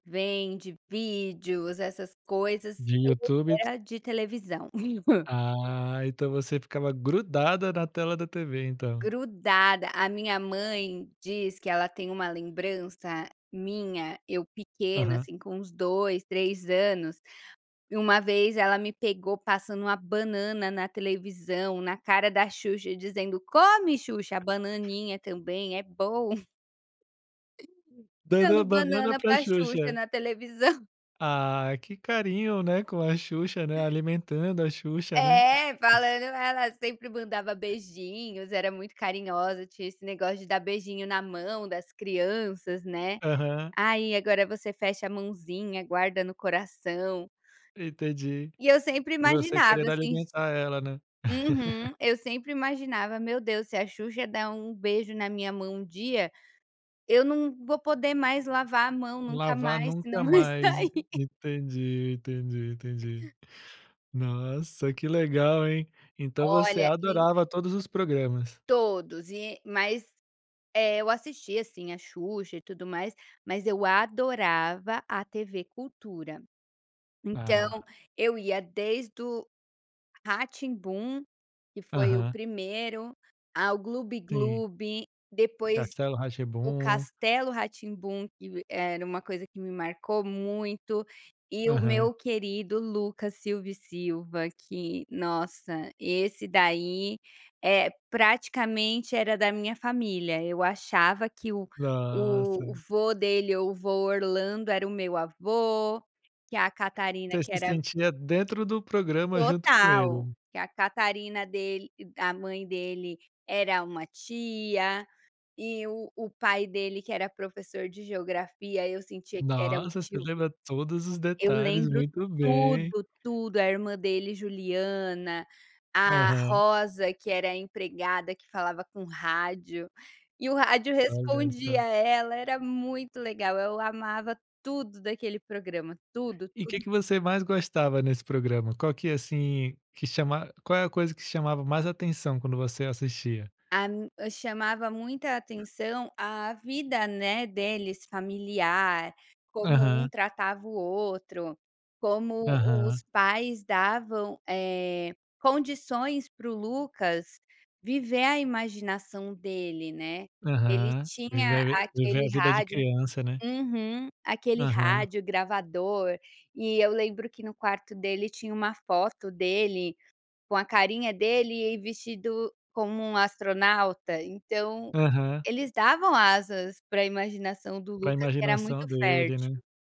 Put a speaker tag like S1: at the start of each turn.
S1: Vem de vídeos, essas coisas,
S2: De
S1: é
S2: YouTube
S1: porque
S2: t
S1: era de televisão.
S2: Ah, então você ficava grudada na tela da TV, então.
S1: Grudada. A minha mãe diz que ela tem uma lembrança minha, eu pequena,
S2: Aham.
S1: assim, com uns dois, três anos e uma vez ela me pegou passando uma banana na televisão, na cara da Xuxa, dizendo: "Come Xuxa! A bananinha também, é bom!"
S2: Dando
S1: Dando
S2: a banana
S1: banana
S2: para
S1: para Xuxa
S2: Xuxa.
S1: na televisão.
S2: Ah, que carinho, né, com a Xuxa, né, alimentando a Xuxa, né.
S1: É, falando: "Ela sempre mandava beijinhos, era muito carinhosa, tinha esse negócio de dar beijinho na mão das crianças, né.
S2: Aham.
S1: Aí agora você fecha a mãozinha, guarda no coração."
S2: Entendi.
S1: E eu sempre
S2: E você
S1: imaginava
S2: querendo
S1: assim, de
S2: alimentar ela, né.
S1: Uhum. Eu sempre imaginava: "Meu Deus, se a Xuxa der um beijo na minha mão um dia, eu não vou poder mais lavar a mão nunca
S2: Lavar
S1: mais
S2: nunca
S1: senão vai
S2: mais, e
S1: sair".
S2: entendi, entendi, entendi. Nossa, que legal hein? Então você
S1: Olha, e
S2: adorava todos os programas.
S1: Todos. E, mas É, eu assistia assim a Xuxa e tudo mais, mas eu adorava a TV Cultura. Então,
S2: Ah.
S1: eu ia desde o Rá-Tim-Bum, que foi o
S2: Aham.
S1: primeiro, ao
S2: Sim.
S1: Glub-Glub, depois
S2: Castelo
S1: o
S2: Rá-Tim-Bum.
S1: Castelo Rá-Tim-Bum que v era uma coisa que me marcou muito, e o
S2: Aham.
S1: meu querido Lucas Silva e Silva que, nossa, esse daí, eh, praticamente era da minha família. Eu achava que o
S2: Nossa.
S1: o vô dele ou o vô Orlando era o meu avô, que a Catarina
S2: Você
S1: que
S2: se
S1: era
S2: sentia dentro do programa, junto com
S1: Total.
S2: ele.
S1: Que a Catarina dele a mãe dele, era uma tia. E o o pai dele que era professor de Geografia eu sentia que era um
S2: Nossa, você
S1: tio meu.
S2: lembra todos os
S1: Eu
S2: detalhes,
S1: lembro
S2: muito bem.
S1: tudo, tudo. A irmã dele, Juliana, a
S2: Aham.
S1: Rosa que era a empregada que falava com rádio, e o rádio
S2: Olha
S1: respondia
S2: só.
S1: ela, era muito legal, eu amava tudo daquele programa, tudo,
S2: E o que
S1: tudo.
S2: que você mais gostava nesse programa? Qual que assim, que chama qual é a coisa que chamava mais atenção quando você assistia?
S1: A n chamava muita atenção a vida, né, deles, familiar, como um
S2: Aham.
S1: tratava o outro. Como os
S2: Aham.
S1: pais davam, eh, condições para o Lucas viver a imaginação dele, né. Ele
S2: Aham. Viver
S1: tinha
S2: a vi viver
S1: aquele
S2: a vida de
S1: rádio
S2: criança, né.
S1: Uhum. Aquele
S2: Aham.
S1: rádio gravador, e eu lembro que no quarto dele tinha uma foto dele, com a carinha dele, e vestido como um astronauta, então,
S2: Aham.
S1: eles davam asas para imaginação do
S2: Para a
S1: Lucas, que era
S2: imaginação
S1: muito
S2: dele, né.
S1: fértil.